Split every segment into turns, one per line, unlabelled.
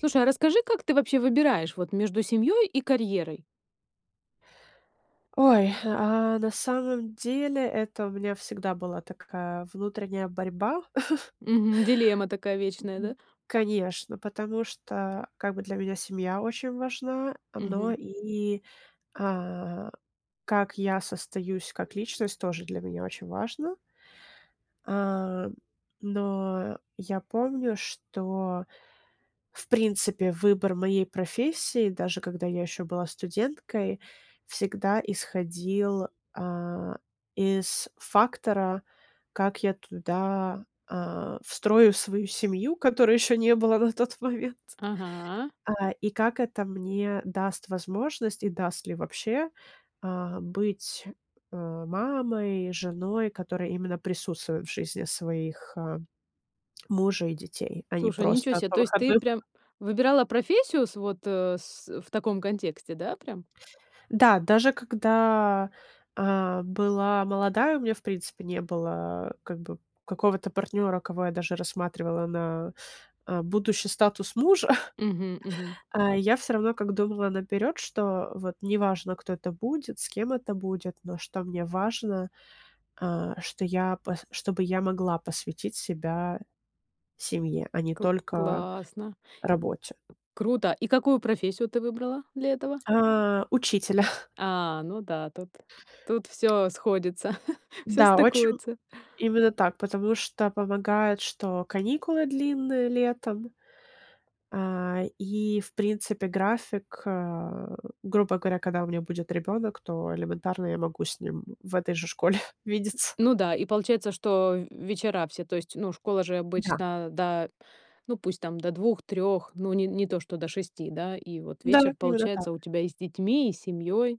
Слушай, а расскажи, как ты вообще выбираешь вот между семьей и карьерой?
Ой, а, на самом деле, это у меня всегда была такая внутренняя борьба.
Мгм. Дилемма такая
М.
вечная, да?
Конечно, потому что, как бы, для меня семья очень важна, но
Мгм.
и, а, как я состоюсь как личность, тоже для меня очень важно. А, но, я помню, что, в принципе, выбор моей профессии, даже когда я еще была студенткой, всегда исходил, а, из фактора, как я туда, а, встрою свою семью, которой еще не было на тот момент.
Ага.
А, и как это мне даст возможность, и даст ли вообще, а, быть, а, мамой, женой, которая именно присутствует в жизни своих, а, мужа и детей, а не
Слушай, ничё
просто
се!
по
То есть, ты
выходным.
прям выбирала профессию с вот, э, с в таком контексте, да, прям?
Да, даже когда, а, была молодая, у меня, в принципе, не было, как бы, какого-то партнера, кого я даже рассматривала на, а, будущий статус мужа,
Мгм, мгм.
а я всё равно, как думала наперёд, что вот неважно, кто это будет, с кем это будет, но что мне важно, а, что я п чтобы я могла посвятить себя семье, а не
Кл
только
классно!
работе.
Круто! И какую профессию ты выбрала для этого?
А. Учителя.
А, ну да, тут, тут всё сходится, всё
Да, очень
стыкуется.
Именно так, потому что помогает, что каникулы длинные летом. А, и, в принципе, график, а, грубо говоря, когда у меня будет ребенок, то, элементарно, я могу с ним в этой же школе видеться.
Ну да, и получается, что в вечера все. То есть, ну школа же
Да.
обычно до, ну, пусть там, до 2-3, ну, не не то, что до 6, да, и, вот,
Да,
вечер
именно так.
получается у тебя и с детьми, и с семьей.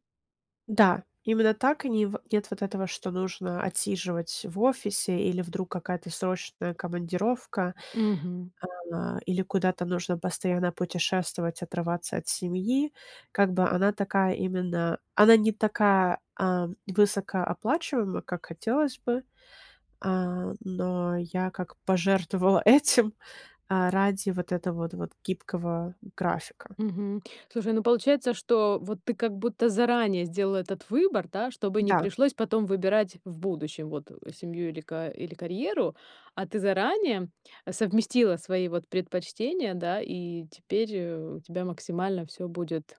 Да, именно так. И не в нет вот этого, что нужно отсиживать в офисе, или вдруг какая-то срочная командировка,
Мгм.
а, или куда-то нужно постоянно путешествовать, отрываться от семьи. Как бы она такая именно- она не такая, а, высокооплачиваемая, как хотелось бы. А, но я как пожертвовала этим, а, ради, вот этого вот, вот гибкого графика.
Мгм. Слушай, ну получается, что, вот, ты, как будто, заранее сделала этот выбор, да, чтобы не
Да.
пришлось потом выбирать в будущем, вот, э, семью или ка или карьеру. А ты заранее совместила свои, вот, предпочтения, да, и теперь, э, у тебя максимально всё будет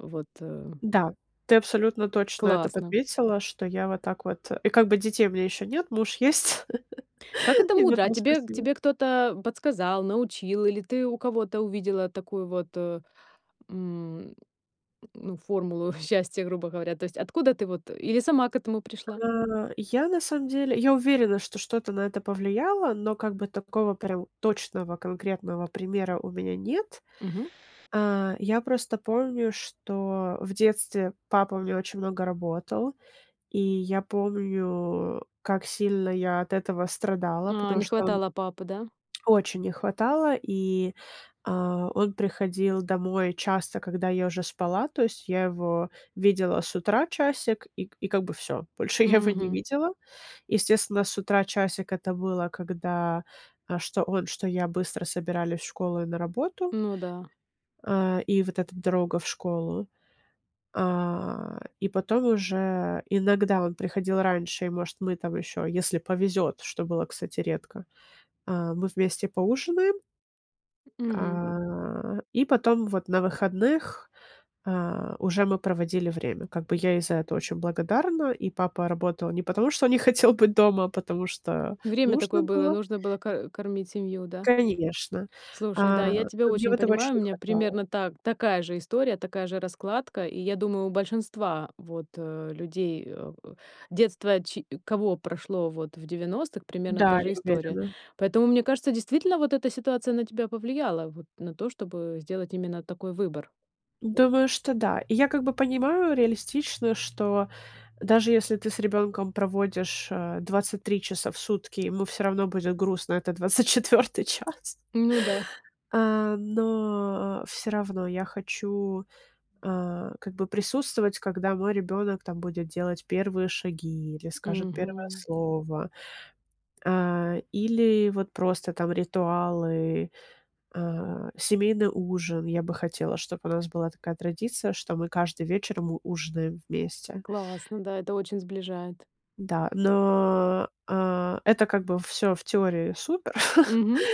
вот, э
Да, ты абсолютно точно это
Классно!
подметила, что я вот так вот, э. И, как бы, детей у меня ещё нет, муж есть.
Как это
И на
мудро! А
том
тебе к
спасибо.
тебе кто-то, а, подсказал, научил или ты у кого-то увидела такую, вот, э, м, ну, формулу счастья, грубо говоря? То есть, откуда ты, вот, э? Или сама к этому пришла?
А, я на самом деле, я уверена, что что-то на это повлияло, но как бы такого прям точного конкретного примера у меня нет.
Мгм.
А, я просто помню, что в детстве папа у меня очень много работал. И я помню, как сильно я от этого страдала,
А,
потому
не
что он
хватало папы, да?
Очень не хватало, и, а, он приходил домой часто, когда я уже спала, то есть я его видела с утра часик и к и как бы всё. Больше я его не
Мгм.
видела. Естественно, с утра часик это было, когда, а, что он, что я быстро собирались в школу и на работу.
Ну да.
А, и вот эта дорога в школу. А, и потом уже, иногда он приходил раньше, и, может, мы там еще, если повезет, что было, кстати, редко, а, мы вместе поужинаем.
Мгм.
А, и потом вот на выходных, а, уже мы проводили время. Как бы я ей за это очень благодарна, и папа работал не потому, что не хотел быть дома, а потому что
Время
нужно
такое было,
было.
нужно было ко кормить семью, да?
Конечно.
Слушай,
А,
да, я тебя
ну мне
очень
вот его
понимаю,
очень
у
не
меня
хватало.
примерно та такая же история, такая же раскладка. И я думаю, у большинства, вот, э, людей, а, детство ч кого прошло, вот, в 90, примерно та
Да, я
же история.
уверена.
Поэтому мне кажется, действительно вот эта ситуация на тебя повлияла, вот на то, чтобы сделать именно такой выбор.
Думаю, что да. И я как бы понимаю реалистично, что даже если ты с ребенком проводишь, а, 23 часа в сутки, ему всё равно будет грустно этот 24 час
Ну да.
А, но всё равно я хочу, а, как бы присутствовать, когда мой ребенок там будет делать первые шаги или скажет первое
Мгм.
слово, а, или вот просто там ритуалы, а, семейный ужин. Я бы хотела, чтоб у нас была такая традиция, что мы каждый вечер м ужинаем вместе.
Классно, да, это очень сближает.
Да, но, а, это как бы всё в теории супер,
Мгм.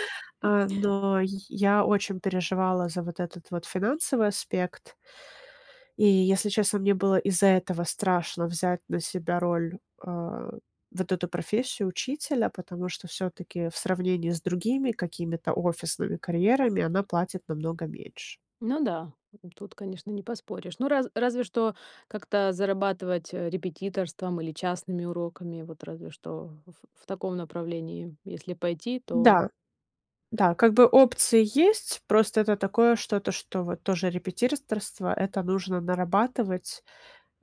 а, но я очень переживала за вот этот вот финансовый аспект. И если честно, мне было из-за этого страшно взять на себя роль, а, вот эту профессию учителя, потому что всё-таки, в сравнении с другими какими-то офисными карьерами, она платит намного меньше.
Ну да, тут, конечно, не поспоришь. Ну, раз разве что как-то зарабатывать репетиторством или частными уроками, вот разве что в в таком направлении если пойти, то
Да, да, как бы опции есть, просто это такое что-то, что вот тоже репетиторство- это нужно нарабатывать,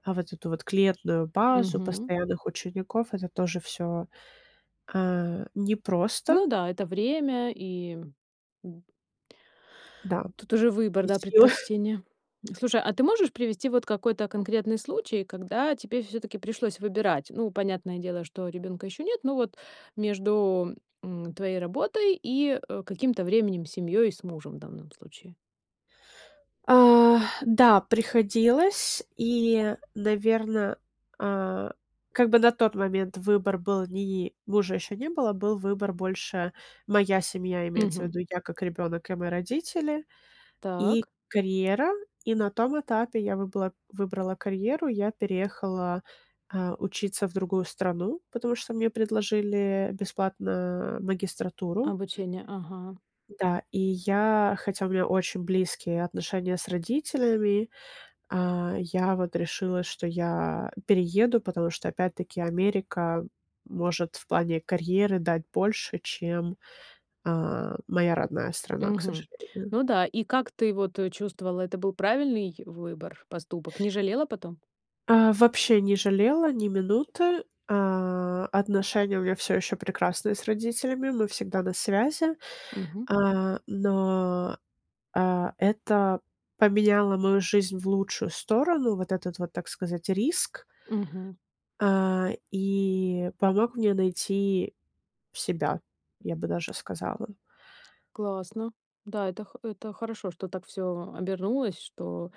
а вот эту вот клиентскую базу
Мгм.
постоянных учеников- это тоже всё, а, непросто.
Ну да, это время и М.
Да.
Тут уже выбор,
И
да,
силы.
предпочтения. Слушай, а ты можешь привести вот какой-то конкретный случай, когда тебе всё-таки пришлось выбирать. Ну, понятное дело, что ребенка еще нет, но вот между, м, твоей работой и, э, каким-то временем с семьей, с мужем в данном случае.
А, да, приходилось, и, наверно, а, как бы на тот момент выбор был ни мужа еще не было, был выбор- больше моя семья. Имеется в
Мгм.
виду: я как ребенок и мои родители, и
Так.
карьера. И на том этапе я выбыла выбрала карьеру, я переехала, а, учиться в другую страну, потому что мне предложили бесплатно магистратуру.
Обучение, ага.
Да, и я, хотя у меня очень близкие отношения с родителями, а, я вот решила, что я перееду, потому что, опять-таки, Америка может в плане карьеры дать больше, чем, а, моя родная страна, к
Мгм.
сожалению.
Ну да. И как ты, вот, чувствовала, это был правильный выбор, поступок? Не жалела потом?
А, вообще не жалела ни минуты. А, отношения у меня всё еще прекрасные с родителями. Мы всегда на связи,
Мгм.
а, но, а это поменяло мою жизнь в лучшую сторону, вот этот вот, так сказать, риск.
Мгм.
А, и помог мне найти себя, я бы даже сказала.
Классно, да, это х это хорошо, что так всё обернулось, что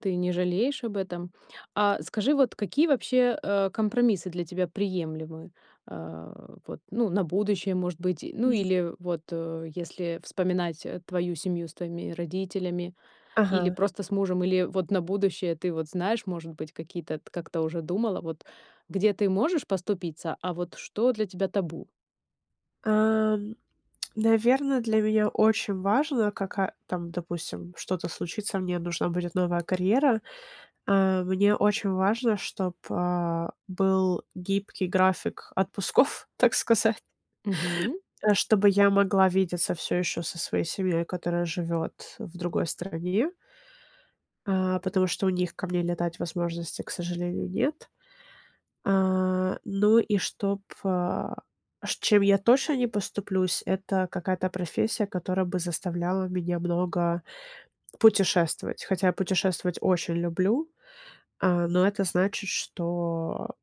ты не жалеешь об этом. А скажи, вот какие вообще, а, компромиссы для тебя приемлемы, а. Вот, ну, на будущее, может быть, ну
[unintelligible]
или вот, э, если вспоминать, э, твою семью с твоими родителями, или
Ага.
просто с мужем, или вот на будущее, ты вот знаешь, может быть, какие-то т как-то уже думала, вот где ты можешь поступиться, а вот что для тебя табу?
А, наверно, для меня очень важно, кака там, допустим, что-то случится, мне нужна будет новая карьера. А, мне очень важно, чтоб, а, был гибкий график отпусков, так сказать,
Мгм.
чтобы я могла видеться всё еще со своей семьей, которая живет в другой стране. А, потому что у них ко мне летать возможности, к сожалению, нет. А, ну и чтоб, а, ш чем я точно не поступлюсь- это какая-то профессия, которая бы заставляла меня много путешествовать. Хотя я путешествовать очень люблю, а, но это значит, что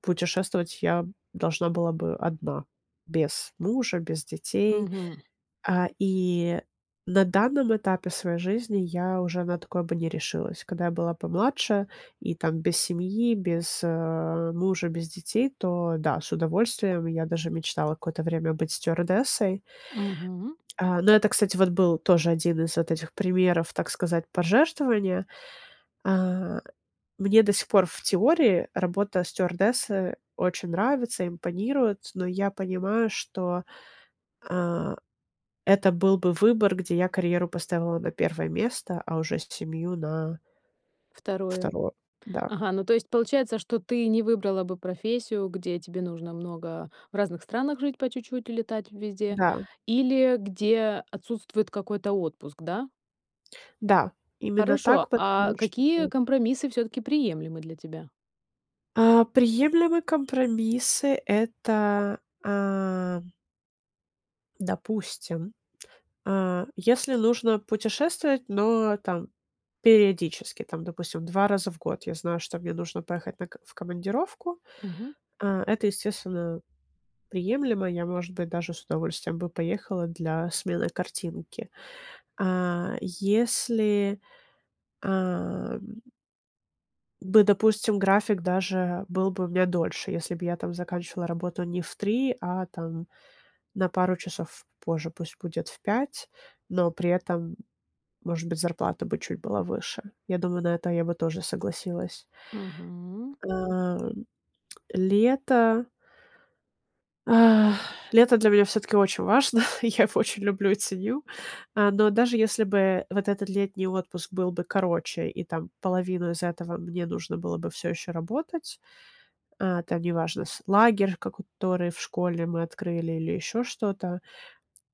путешествовать я должна была бы одна без мужа, без детей.
Мгм.
А, и на данном этапе своей жизни я уже на такое бы не решилась. Когда я была помладше и там без семьи, без, э, мужа, без детей, то да, с удовольствием. Я даже мечтала какое-то время быть стюардессой.
Мгм.
А, но это, кстати, вот был тоже один из вот этих примеров, так сказать, пожертвования. А, мне до сих пор, в теории, работа стюардессы очень нравится, импонирует, но я понимаю, что, а, это был бы выбор, где я карьеру поставила на 1 место, а уже семью на
второе.
2, да.
Ага, ну то есть получается, что ты не выбрала бы профессию, где тебе нужно много в разных странах жить по чуть-чуть и летать везде
Да.
или где отсутствует какой-то отпуск, да?
Да. Именно
Хорошо,
так, потому
а,
что
какие
поздно.
компромиссы всё-таки приемлемы для тебя?
А, приемлемые компромиссы- это, а допустим, а, если нужно путешествовать, но, там, периодически, там, допустим, 2 раза в год я знаю, что мне нужно поехать на к в командировку,
Мгм.
а, это, естественно, приемлемо. Я, может быть, даже с удовольствием бы поехала для смены картинки. А, если, а, м Да, допустим, график даже был бы у меня дольше, если б я там заканчивала работу не в 3, а там на пару часов позже, пусть будет в 5, но при этом, м, может быть, зарплата бы чуть была выше. Я думаю, на это я бы тоже согласилась.
Мгм.
А, лето ах, лето для меня всё-таки очень важно, я его очень люблю и ценю, а, но даже, если бы вот этот летний отпуск был бы короче, и там половину из этого мне нужно было бы всё еще работать А, это неважно. С лагерь, ко который в школе мы открыли, или еще что-то.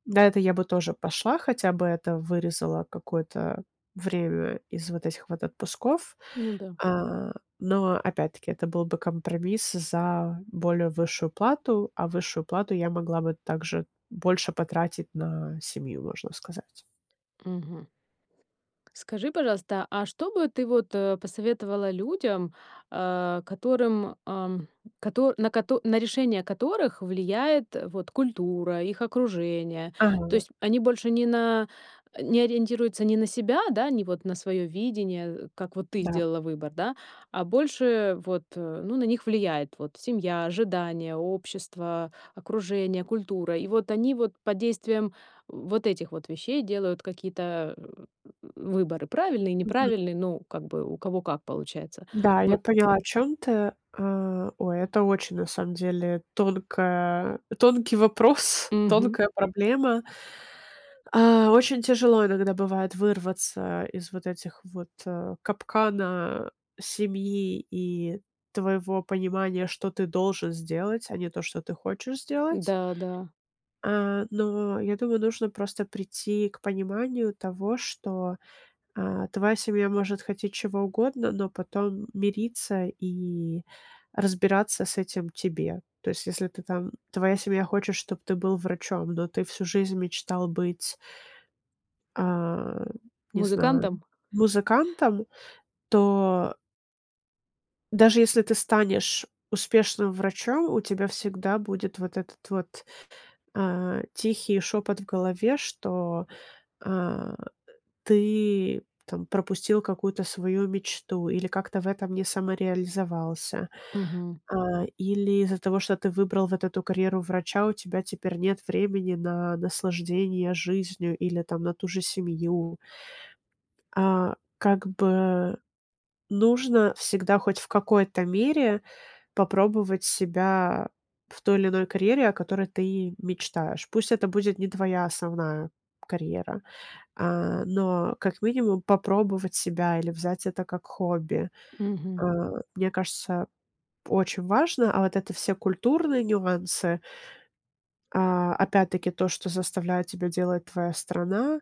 На это я бы тоже пошла, хотя бы это вырезало какое-то время из вот этих вот отпусков,
Ну да.
а, но опять-таки это был бы компромисс за более высшую плату, а высшую плату я могла бы также больше потратить на семью, можно сказать.
Мгм. Скажи, пожалуйста, а что бы ты, вот, э, посоветовала людям, а, которым, ам, кото на кото на решение которых влияет, вот культура, их окружение. То
Ага.
есть они больше не на э, не ориентируются ни на себя, да, ни вот на своё видение, э, как вот ты
Да.
сделала выбор, да, а больше вот, э ну на них влияет вот семья, ожидания, общество, окружение, культура. И вот они вот под действием, э, вот этих вот вещей делают какие-то выборы: правильные,
Мгм.
неправильные- ну, как бы у кого как получается.
Да, я
Вот.
поняла, о чём ты. А, ой, это очень, на самом деле, тонкая тонкий вопрос,
Мгм.
тонкая проблема. А, очень тяжело иногда бывает вырваться из вот этих вот, э, капкана семьи и твоего понимания, что ты должен сделать, а не то, что ты хочешь сделать.
Да, да.
А, но я думаю, нужно просто прийти к пониманию того, что, а, твоя семья может хотеть чего угодно, но потом мириться и разбираться с этим тебе. То есть если ты там твоя семья хочет, чтоб ты был врачом, но ты всю жизнь мечтал быть а, не знаю,
Музыкантом?
музыкантом, то даже если ты станешь успешным врачом, у тебя всегда будет вот этот вот, а, тихий шепот в голове, что, а, ты, там пропустил какую-то свою мечту или как-то в этом не самореализовался.
Мгм.
А, или из-за того, что ты выбрал вот эту карьеру врача, у тебя теперь нет времени на наслаждение жизнью или там на ту же семью. А, как бы, нужно всегда хоть в какой-то мере попробовать себя в той или иной карьере, о которой ты мечтаешь. Пусть это будет не твоя основная карьера, а, но, как минимум, попробовать себя или взять это как хобби, а,
Мгм.
мне кажется, очень важно. А вот это все культурные нюансы А, опять-таки то, что заставляет тебя делать твоя страна,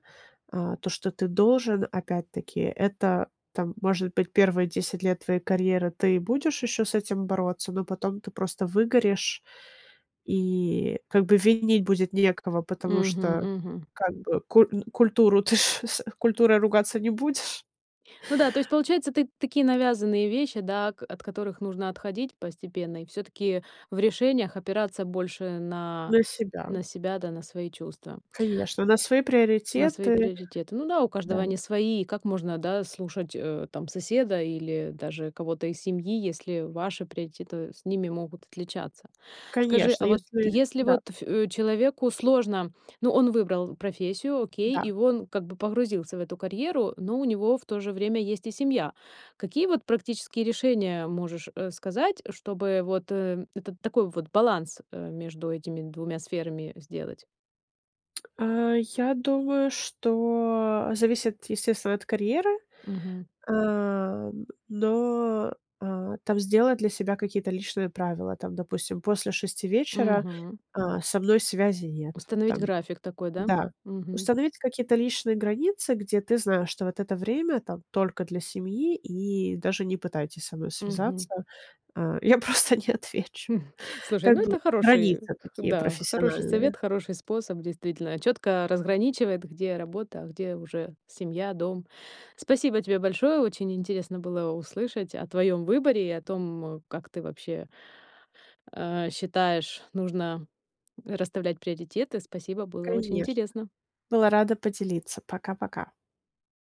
а, то, что ты должен, опять-таки это, там, может быть, первые 10 лет твоей карьеры ты будешь еще с этим бороться, но потом ты просто выгоришь. И как бы винить будет некого, потому
Мгм,
что,
мгм.
как бы, ку н культуру, ты ж, с культурой ты ругаться не будешь.
Ну да, то есть получается, ты такие навязанные вещи, да, о от которых нужно отходить постепенно и всё-таки в решениях опираться больше на
На себя.
на себя, да, на свои чувства
Конечно, на свои
на свои
приоритеты.
приоритеты. Ну да, у каждого
Да.
они свои. Как можно, да, слушать, э, там соседа или даже кого-то из семьи, если ваши приоритеты с ними могут отличаться? Скажи,
Конечно.
а вот
Если
если
Да.
вот ф человеку сложно ну, он выбрал профессию, окей,
Да.
и он как бы погрузился в эту карьеру, но у него в то же время есть и семья. Какие вот практические решения можешь, э, сказать, чтобы вот, э, этот такой вот баланс, э, между этими 2 сферами сделать?
А, я думаю, что зависит, естественно, от карьеры,
Мгм.
а, но, а, там сделать для себя какие-то личные правила. Там, допустим, после 6 вечера,
Мгм.
а, со мной связи нет.
Установить
Там
график такой, да? М,
Да.
мгм.
Установить какие-то личные границы, где ты знаешь, что вот это время там только для семьи, и даже не пытайтесь со мной
Мгм.
связаться. А, я просто не отвечу.
М. Слушай,
Как
ну
бы
это хороший,
границы такие
да, хороший
профессиональные.
совет, хороший способ действительно, чётко разграничивает, где работа, а где уже семья, дом. Спасибо тебе большое, очень интересно было услышать о твоём выборе и о том, как ты вообще, а, считаешь нужно расставлять приоритеты. Спасибо, было очень
Конечно.
интересно!
Была рада поделиться. Пока-пока!